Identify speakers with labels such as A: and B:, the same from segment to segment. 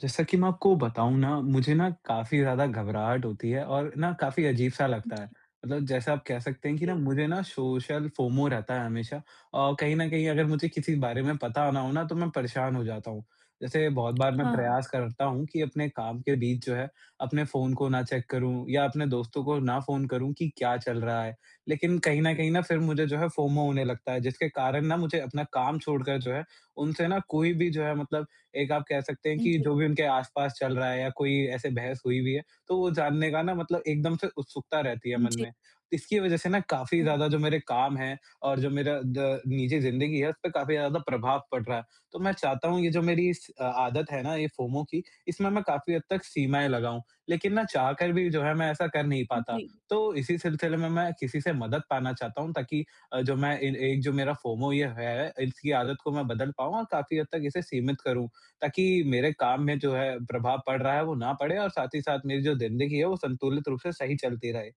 A: जैसा कि मैं आपको बताऊँ ना, मुझे ना काफ़ी ज़्यादा घबराहट होती है और ना काफ़ी अज़ीब-सा लगता है।
B: जी।
A: मतलब जैसा आप कह सकते हैं कि ना
B: जी।
A: मुझे ना, सोशल फ़ोमो रहता है हमेशा। अ, कहीं न कहीं अगर मुझे किसी बारे में पता ना हो ना तो मैं परेशान हो जाता हूँ। जैसे बहुत बार मैं
B: हाँ।
A: प्रयास करता हूँ कि अपने काम के बीच जो है, अपने फ़ोन को ना चेक करूँ या अपने दोस्तों को ना फ़ोन करूँ कि क्या चल रहा है। लेकिन कहीं न कहीं ना फिर मुझे जो है फ़ोमो होने लगता है। जिसके कारण ना मुझे अपना काम छोड़कर जो है, उनसे ना कोई भी जो है मतलब एक आप कह सकते हैं
B: हुँ,
A: कि
B: जी।
A: जो भी उनके आस-पास चल रहा है या कोई ऐसे बहस हुई हुई भी है, तो वो जानने का ना मतलब एकदम से उत्सुकता रहती है
B: हुँ,
A: मन
B: जी।
A: में। इसकी वजह से ना काफ़ी
B: हाँ।
A: ज़्यादा जो मेरे काम हैं, और जो मेरा द निजी ज़िंदगी है उसपे काफ़ी ज़्यादा प्रभाव पड़ रहा है। तो मैं चाहता हूँ, ये जो मेरी इस अ, आदत है ना ये फ़ोमो की इसमें मैं काफ़ी हद तक सीमाएँ लगाऊँ। लेकिन ना चाहकर भी जो है, मैं ऐसा कर नहीं
B: उम,
A: पाता।
B: जी।
A: तो इसी सिलसिले में मैं किसी से मदद पाना चाहता हूँ, ताकि अ, जो मैं इन एक जो मेरा फ़ोमो ये है इसकी आदत को मैं बदल पाऊँ और काफ़ी हद तक इसे सीमित करूँ। ताकि मेरे काम में जो है प्रभाव पड़ रहा है वो ना पड़े, और साथ ही साथ मेरी जो ज़िंदगी है वो संतुलित रूप से सही चलती रहे।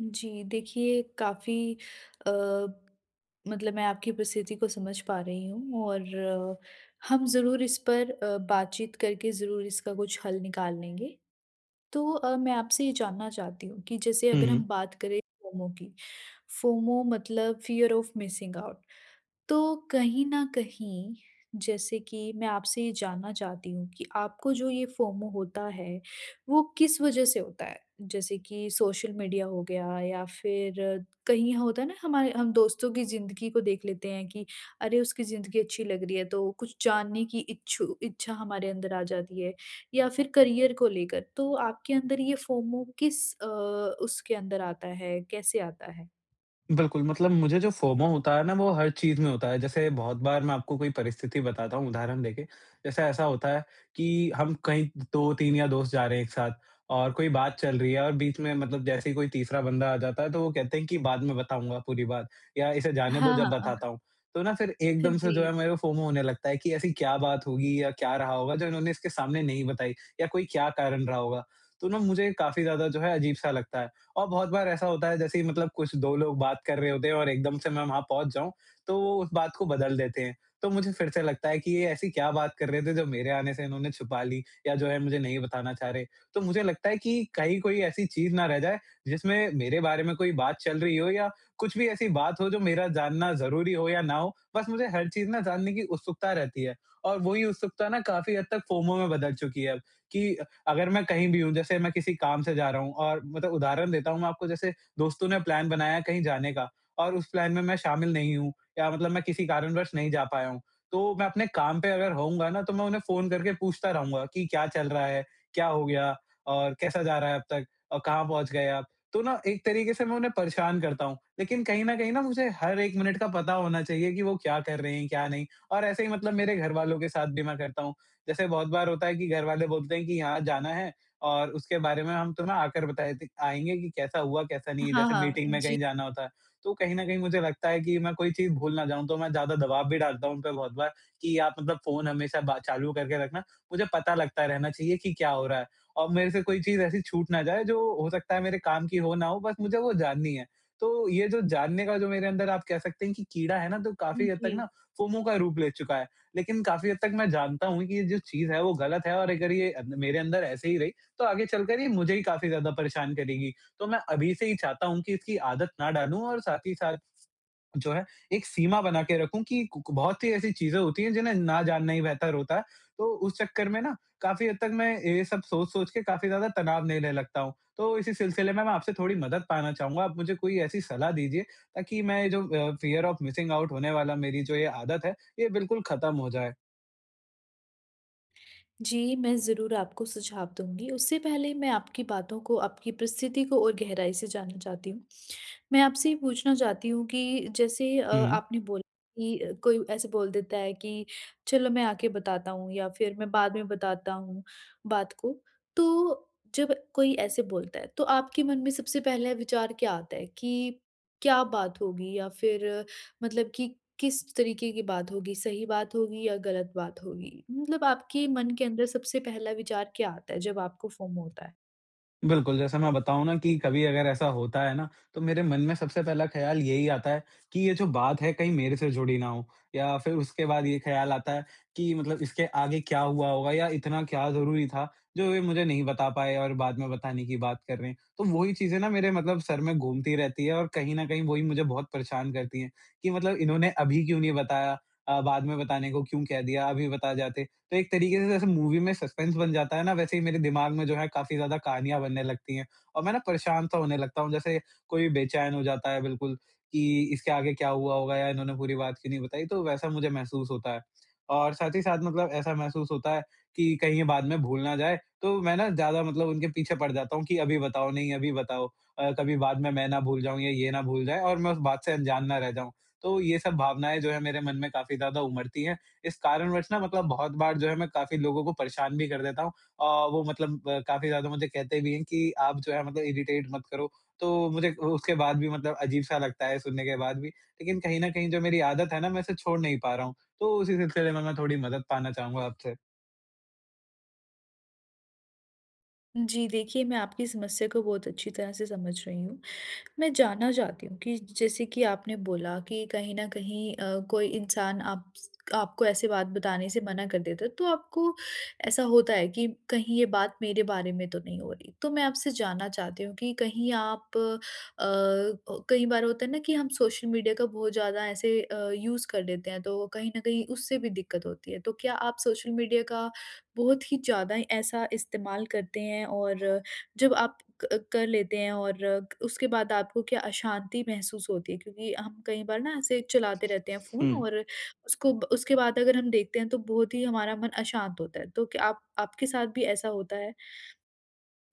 B: जी, देखिए काफ़ी अ, मतलब मैं आपकी परिस्थिति को समझ पा रही हूँ और हम ज़रूर इस पर अ, बातचीत करके ज़रूर इसका कुछ हल निकाल लेंगे। तो अ, मैं आपसे ये जानना चाहती हूँ कि जैसे
A: हुँ,
B: अगर हम
A: हुँ।
B: बात करें फोमो की। फोमो मतलब फियर ऑफ मिसिंग आउट तो कहीं न कहीं जैसे कि मैं आपसे ये जानना चाहती हूँ कि आपको जो ये फोमो होता है वो किस वजह से होता है? जैसे कि सोशल मीडिया हो गया या फिर कहीं होता है ना हमारे हम दोस्तों की ज़िंदगी को देख लेते हैं कि अरे, उसकी ज़िंदगी अच्छी लग रही है। तो कुछ जानने की इच्छु इच्छा हमारे अंदर आ जाती है या फिर करियर को लेकर तो आपके अंदर ये फोमो किस अ, उसके अंदर आता है, कैसे आता है?
A: बिल्कुल, मतलब मुझे जो फोमो होता है ना वो हर चीज़ में होता है। जैसे बहुत बार मैं आपको कोई परिस्थिति बताता हूँ उदाहरण देके। जैसे ऐसा होता है कि हम कहीं 2-3 या दोस्त जा रहे हैं एक साथ और कोई बात चल रही है और बीच में मतलब जैसे ही कोई तीसरा बंदा आ जाता है तो वो कहते हैं कि बाद में बताऊँगा पूरी बात या इसे जाने दो
B: हाँ,
A: जब
B: हाँ।
A: बताता हूँ। तो ना फिर एकदम से जो
B: जी।
A: है मेरे को फोमो होने लगता है कि ऐसी क्या बात होगी? या क्या रहा होगा जो इन्होंने इसके सामने नहीं बताई? या कोई क्या कारण रहा होगा? तो ना मुझे काफ़ी ज़्यादा जो है अजीब सा लगता है और बहुत बार ऐसा होता है जैसे कि मतलब कुछ 2 लोग बात कर रहे होते हैं और एकदम से मैं वहाँ पहुँच जाऊँ। तो उस बात को बदल देते हैं। तो मुझे फिर से लगता है कि ये ऐसी क्या बात कर रहे थे जो मेरे आने से इन्होंने छुपा ली? या जो है मुझे नहीं बताना चाह रहे हैं। तो मुझे लगता है कि कहीं कोई ऐसी चीज़ ना रह जाए जिसमें मेरे बारे में कोई बात चल रही हो या कुछ भी ऐसी बात हो जो मेरा जानना ज़रूरी हो या ना हो बस मुझे हर चीज़ ना जानने की उत्सुकता रहती है। और वही उत्सुकता ना काफ़ी हद तक फोमो में बदल चुकी है कि अ, अगर मैं कहीं भी हूँ जैसे मैं किसी काम से जा रहा हूँ और मतलब उदाहरण देता हूँ मैं आपको जैसे दोस्तों ने प्लान बनाया कहीं जाने का। और उस प्लान में मैं शामिल नहीं हूँ या मतलब मैं किसी कारणवश नहीं जा पाया हूँ। तो मैं अपने काम पे अगर होऊँगा ना तो मैं उन्हें फ़ोन करके पूछता रहूँगा कि क्या चल रहा है? क्या हो गया और कैसा जा रहा है अब तक? अ, कहाँ पहुँच गए आप? तो ना एक तरीके से मैं उन्हें परेशान करता हूँ। लेकिन कहीं न कहीं मुझे हर 1 मिनट का पता होना चाहिए कि वो क्या कर रहे हैं? क्या नहीं और ऐसे ही मतलब मेरे घरवालों के साथ भी मैं करता हूँ। जैसे बहुत बार होता है कि घरवाले बोलते हैं कि यहाँ जाना है और उसके बारे में हम तुम्हें आकर बता देते आएँगे कि कैसा हुआ कैसा नहीं
B: हाँ,
A: जैसे
B: हाँ। अ,
A: मीटिंग में
B: जी।
A: कहीं जाना होता है। तो कहीं न कहीं मुझे लगता है कि मैं कोई चीज़ भूल ना जाऊँ तो मैं ज़्यादा दबाव भी डालता हूँ उन पे बहुत बार कि आप मतलब फ़ोन हमेशा बा चालू करके रखना। मुझे पता लगता रहना चाहिए कि क्या हो रहा है? और मेरे से कोई चीज़ ऐसी छूट ना जाए जो हो सकता है मेरे काम की हो ना हो बस मुझे वो जाननी है। तो ये जो जानने का जो मेरे अंदर आप कह सकते हैं कि कीड़ा है ना तो
B: उम,
A: काफ़ी हद तक
B: जी।
A: ना फोमो का रूप ले चुका है। लेकिन काफ़ी हद तक मैं जानता हूँ कि ये जो चीज़ है वो गलत है और अगर ये मेरे अंदर ऐसे ही रही तो आगे चलकर ये मुझे ही काफ़ी ज़्यादा परेशान करेगी। तो मैं अभी से ही चाहता हूँ कि इसकी आदत ना डालूँ और साथ ही साथ, जो है एक सीमा बना के रखूँ कि कू कू बहुत सी ऐसी चीज़ें होती हैं जिन्हें ना जानना ही बेहतर होता है। तो उस चक्कर में ना काफ़ी हद तक मैं ये सब सोच-सोच के काफ़ी ज़्यादा तनाव लेने लगता हूँ। तो इसी सिलसिले में मैं आपसे थोड़ी मदद पाना चाहूँगा आप मुझे कोई ऐसी सलाह दीजिए ताकि मैं जो अ, फियर ऑफ मिसिंग आउट होने वाला मेरी जो ये आदत है ये बिल्कुल खत्म हो जाए।
B: जी, मैं ज़रूर आपको सुझाव दूँगी। उससे पहले मैं आपकी बातों को, आपकी परिस्थिति को और गहराई से जानना चाहती हूँ। मैं आपसे ये पूछना चाहती हूँ कि जैसे अ,
A: हुँ।
B: आपने बोला कि अ, कोई ऐसे बोल देता है कि चलो मैं आके बताता हूँ या फ़िर मैं बाद में बताता हूँ, बात को। तो जब कोई ऐसे बोलता है तो आपके मन में सबसे पहला विचार क्या आता है कि क्या बात होगी या फ़िर मतलब कि किस तरीक़े की बात होगी, सही बात होगी या ग़लत बात होगी? मतलब आपके मन के अंदर सबसे पहला विचार क्या आता है जब आपको फ़ोमो होता है?
A: बिल्कुल जैसे मैं बताऊँ ना कि कभी अगर ऐसा होता है ना तो मेरे मन में सबसे पहला ख़्याल यही आता है कि ये जो बात है कहीं मेरे से जुड़ी ना हो या फ़िर उसके बाद ये ख़्याल आता है कि मतलब इसके आगे क्या हुआ होगा या इतना क्या ज़रूरी था जो ये मुझे नहीं बता पाए और बाद में बताने की बात कर रहे हैं। तो वही चीज़ें ना मेरे मतलब सर में घूमती रहती हैं और कहीं न कहीं वो ही मुझे बहुत परेशान करती है कि मतलब इन्होंने अभी क्यों नहीं बताया अ, बाद में बताने को क्यों कह दिया अभी बता जाते। तो एक तरीक़े से जैसे मूवी में सस्पेंस बन जाता है ना वैसे ही मेरे दिमाग में जो हैं काफ़ी ज़्यादा कहानियाँ बनने लगती है। और मैं ना परेशान तो होने लगता हूँ जैसे कोई बेचैन हो जाता है बिल्कुल कि इसके आगे क्या हुआ होगा या इन्होंने पूरी बात क्यों नहीं बताई तो वैसा मुझे महसूस होता है। और साथ ही साथ मतलब ऐसा महसूस होता है कि कहीं ये बाद में भूल ना जाए तो मैं ना ज़्यादा मतलब उनके पीछे पड़ जाता हूँ कि अभी बताओ नहीं अभी बताओ। अ, कभी बाद में मैं ना भूल जाऊँ या ये ना भूल जाए और मैं उस बात से अनजान ना रह जाऊँ। तो ये सब भावनाएँ जो है मेरे मन में काफ़ी ज़्यादा उमड़ती हैं। इस कारणवश मतलब बहुत बार जो है मैं काफ़ी लोगों को परेशान भी कर देता हूँ। आह, वो मतलब काफ़ी ज़्यादा मुझे कहते भी हैं कि आप जो है मतलब इरिटेट मत करो। तो मुझे उ उसके बाद भी मतलब अजीब-सा लगता है सुनने के बाद भी। लेकिन कहीं न कहीं जो मेरी आदत है ना मैं इसे छोड़ नहीं पा रहा हूँ। तो उसी सिलसिले में मैं थोड़ी मदद पाना चाहूँगा आपसे।
B: जी, देखिए मैं आपकी समस्या को बहुत अच्छी तरह से समझ रही हूँ। मैं जानना चाहती हूँ कि जैसे कि आपने बोला कि कहीं न कहीं अ, कोई इंसान आप्स आपको ऐसे बात बताने से मना कर देता है, तो आपको ऐसा होता है कि कहीं ये बात मेरे बारे में तो नहीं हो रही? तो मैं आपसे जानना चाहती हूँ कि कहीं आप अ अ, कई बार होता है ना कि हम सोशल मीडिया का बहुत ज़्यादा ऐसे अ, यूज़ कर लेते हैं तो कहीं न कहीं उससे भी दिक़्क़त होती है। तो क्या आप सोशल मीडिया का बहुत ही ज़्यादा ऐसा इस्तेमाल करते हैं और जब आप क कर लेते हैं और उसके बाद आपको क्या अशांति महसूस होती है? क्योंकि हम कई बार ना ऐसे चलाते रहते हैं फ़ोन
A: हुँ।
B: और उसको उसके बाद अगर हम देखते हैं तो बहुत ही हमारा मन अशांत होता है। तो क्या आप आपके साथ भी ऐसा होता है?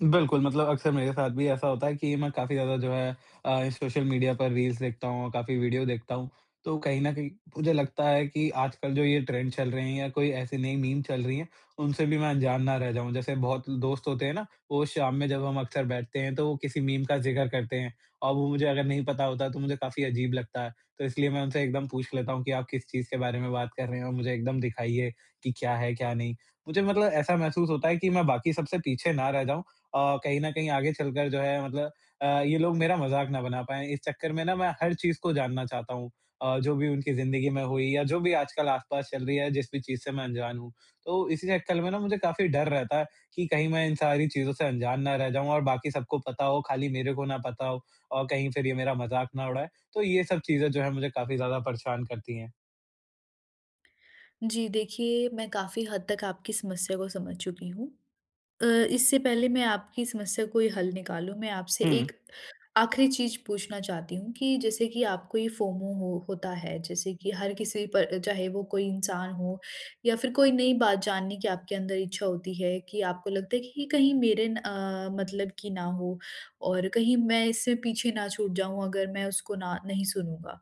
A: बिल्कुल, मतलब अक्सर मेरे साथ भी ऐसा होता है कि मैं काफ़ी ज़्यादा जो है अ, सोशल मीडिया पर रील्स देखता हूँ, काफ़ी वीडियो देखता हूँ। तो कहीं न कहीं मुझे लगता है कि आजकल जो ये ट्रेंड चल रहे हैं या कोई ऐसी नई मीम चल रही है उनसे भी मैं अंजान ना रह जाऊँ। जैसे बहुत दोस्त होते हैं ना? वो शाम में जब हम अक्सर बैठते हैं तो वो किसी मीम का जिक्र करते हैं। और वो मुझे अगर नहीं पता होता है तो मुझे काफ़ी अजीब लगता है। तो इसलिए मैं उनसे एकदम पूछ लेता हूँ कि आप किस चीज़ के बारे में बात कर रहे हो और मुझे एकदम दिखाइए कि क्या है? क्या नहीं। मुझे मतलब ऐसा महसूस होता है कि, मैं बाकी सबसे पीछे ना रह जाऊँ अ, कहीं न कहीं आगे चलकर जो है मतलब अ, ये लोग मेरा मज़ाक ना बना पाए इस चक्कर में ना मैं हर चीज़ को जानना चाहता हूँ। अ, जो भी उनकी ज़िंदगी में हुई या जो भी आजकल आसपास चल रही है जिस भी चीज़ से मैं अनजान हूँ। तो इसी चक्कर में ना मुझे काफ़ी डर रहता है, कि कहीं मैं इन सारी चीज़ों से अनजान ना रह जाऊँ और बाकी सबको पता हो खाली मेरे को ना पता हो और कहीं फ़िर ये मेरा मज़ाक ना उड़ाए। तो ये सब चीज़ें जो है मुझे काफ़ी ज़्यादा परेशान करती हैं।
B: जी, देखिए मैं काफ़ी हद तक आपकी समस्या को समझ चुकी हूँ। अ, इससे पहले मैं आपकी समस्या कोई हल निकालूँ मैं आपसे एक
A: हुँ।
B: आख़िरी चीज़ पूछना चाहती हूँ कि जैसे कि आपको ये फोमो हो होता है। जैसे कि हर किसी पर चाहे वो कोई इंसान हो या फिर कोई नई बात जानने की आपके अंदर इच्छा होती है कि आपको लगता है कि कहीं मेरे न अ, मतलब की ना हो और कहीं मैं इससे पीछे ना छूट जाऊँ अगर मैं उसको ना नहीं सुनूँगा।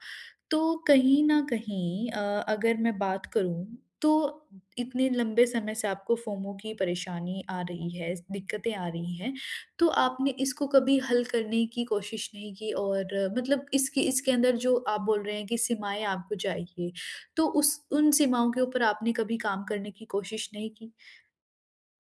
B: तो कहीं न कहीं अ, अगर मैं बात करूँ तो इतने लंबे समय से आपको फोमो की परेशानी आ रही है, इस दिक्क़तें आ रही हैं। तो आपने इसको कभी हल करने की कोशिश नहीं की? और मतलब इसके इसके अंदर जो आप बोल रहे हैं की सीमाएँ आपको चाहिए तो उस उन सीमाओं के ऊपर आपने कभी काम करने की कोशिश नहीं की?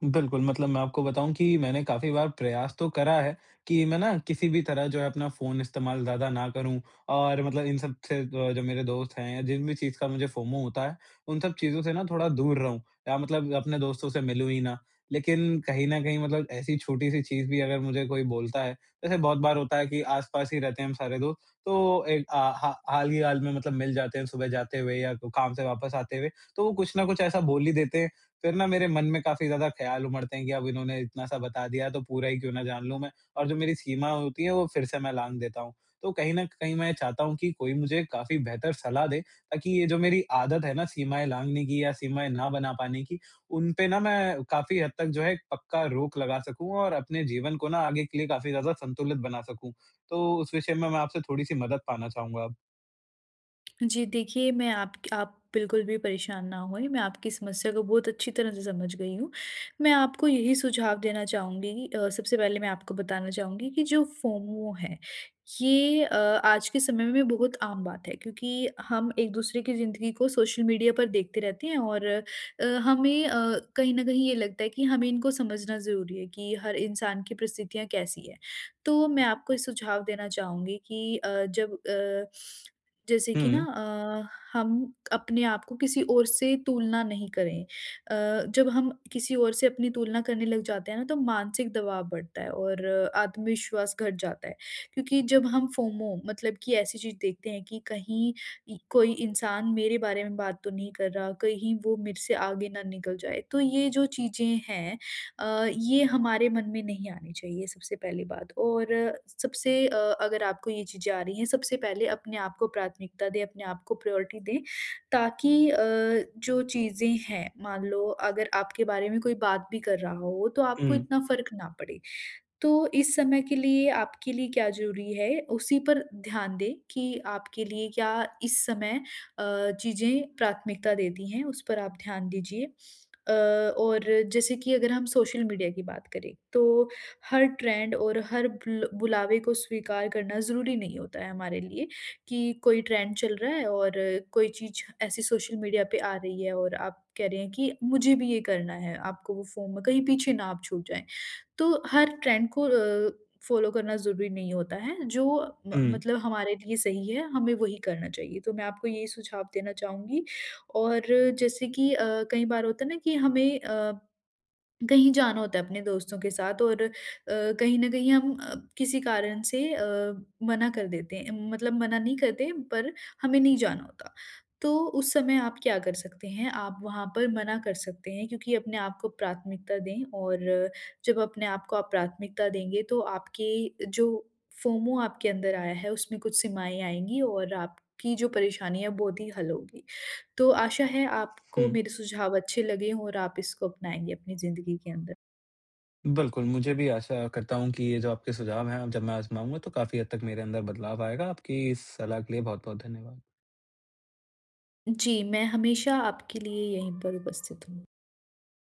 A: बिल्कुल, मतलब मैं आपको बताऊँ कि मैंने काफ़ी बार प्रयास तो करा है कि मैं ना किसी भी तरह जो है अपना फ़ोन इस्तेमाल ज़्यादा ना करूँ। और मतलब इन सब से अ, जो मेरे दोस्त हैं या जिन भी चीज़ का मुझे फोमो होता है उन सब चीज़ों से ना थोड़ा दूर रहूँ या मतलब अपने दोस्तों से मिलूँ ही ना। लेकिन कहीं न कहीं मतलब ऐसी छोटी-सी चीज़ भी अगर मुझे कोई बोलता है। वैसे बहुत बार होता है कि, आस-पास ही रहते हैं हम सारे दोस्त तो ए अ, हा हाल ही हाल में मतलब मिल जाते हैं सुबह जाते हुए या काम से वापस आते हुए। तो वो कुछ न कुछ ऐसा बोल ही देते हैं। फिर ना मेरे मन में काफ़ी ज़्यादा ख़्याल उमड़ते हैं कि अब इन्होंने इतना-सा बता दिया तो पूरा ही क्यों ना जान लूँ मैं। और जो मेरी सीमा होती है वो फिर से मैं लाँघ देता हूँ। तो कहीं न कहीं मैं चाहता हूँ कि कोई मुझे काफ़ी बेहतर सलाह दे ताकि ये जो मेरी आदत है ना सीमाएँ लाँघने की या सीमाएँ ना बना पाने की उनपे ना मैं काफ़ी हद तक जो है पक्का रोक लगा सकूँ। और अपने जीवन को ना आगे के लिए काफ़ी ज़्यादा संतुलित बना सकूँ। तो उस विषय में मैं आपसे थोड़ी-सी मदद पाना चाहूँगा अब।
B: जी देखिए, मैं आपक आप बिल्कुल भी परेशान ना होएँ मैं आपकी समस्या को बहुत अच्छी तरह से समझ गई हूँ। मैं आपको यही सुझाव देना चाहूँगी अ, सबसे पहले मैं आपको बताना चाहूँगी कि जो फोमो है ये अ, आज के समय में बहुत आम बात है। क्योंकि हम एक दूसरे की ज़िंदगी को सोशल मीडिया पर देखते रहते हैं और अ, हमें अ, कहीं न कहीं ये लगता है कि हमें इनको समझना ज़रूरी है कि हर इंसान की परिस्थितियाँ कैसी है। तो मैं आपको ये सुझाव देना चाहूँगी कि अ, जब अ, जैसे कि ना
A: हुँ।
B: अ, हम अपने आप को किसी और से तुलना नहीं करें। अ, जब हम किसी और से अपनी तुलना करने लग जाते हैं ना तो मानसिक दबाव बढ़ता है और आत्मविश्वास घट जाता है। क्योंकि जब हम फोमो मतलब कि ऐसी चीज़ देखते हैं कि कहीं इ कोई इंसान मेरे बारे में बात तो नहीं कर रहा, कहीं वो मेरे से आगे ना निकल जाए तो ये जो चीज़ें हैं अ, ये हमारे मन में नहीं आनी चाहिए सबसे पहली बात। और सबसे अ, अगर आपको ये चीज़ें आ रही हैं, सबसे पहले अपने आपको प्राथमिकता दें अपने आपको प्रायोरिटी दें ताकि अ, जो चीज़ें हैं मान लो अगर आपके बारे में कोई बात भी कर रहा हो तो आपको
A: हुँ।
B: इतना फ़र्क ना पड़े। तो इस समय के लिए आपके लिए क्या ज़रूरी है उसी पर ध्यान दें कि आपके लिए क्या इस समय अ, चीज़ें प्राथमिकता देती हैं उस पर आप ध्यान दीजिए। अ, और जैसे कि अगर हम सोशल मीडिया की बात करें तो हर ट्रेंड और हर बुल बुलावे को स्वीकार करना ज़रूरी नहीं होता है हमारे लिए। कि कोई ट्रेंड चल रहा है और कोई चीज़ ऐसी सोशल मीडिया पे आ रही है और आप कह रहे हैं कि मुझे भी ये करना है आपको वो फोमो कहीं पीछे ना आप छूट जाएँ। तो हर ट्रेंड को अ, फॉलो करना ज़रूरी नहीं होता है। जो मत
A: हुँ।
B: मतलब हमारे लिए सही है, हमें वही करना चाहिए। तो मैं आपको यही सुझाव देना चाहूँगी। और जैसे कि अ, कई बार होता है ना कि हमें अ, कहीं जाना होता है अपने दोस्तों के साथ और अ, कहीं न कहीं हम अ, किसी कारण से अ, मना कर देते हैं मतलब मना नहीं करते पर हमें नहीं जाना होता। तो उस समय आप क्या कर सकते हैं आप वहाँ पर मना कर सकते हैं क्योंकि अपने आप को प्राथमिकता दें और जब अपने आप को आप प्राथमिकता देंगे तो आपके जो फोमो आपके अंदर आया है उसमें कुछ सीमाएँ आएँगी और आपकी जो परेशानियाँ बहुत ही हल होगी। तो आशा है आपको
A: हुँ।
B: मेरे सुझाव अच्छे लगे हो और आप इसको अपनाएँगे अपनी ज़िंदगी के अंदर।
A: बिल्कुल। मुझे भी आशा करता हूँ कि ये जो आपके सुझाव है जब मैं आज़माऊँगा तो काफ़ी हद तक मेरे अंदर बदलाव आएगा। आपकी इस सलाह के लिए बहुत-बहुत धन्यवाद।
B: जी। मैं हमेशा आपके लिए यहीं पर उपस्थित हूँ।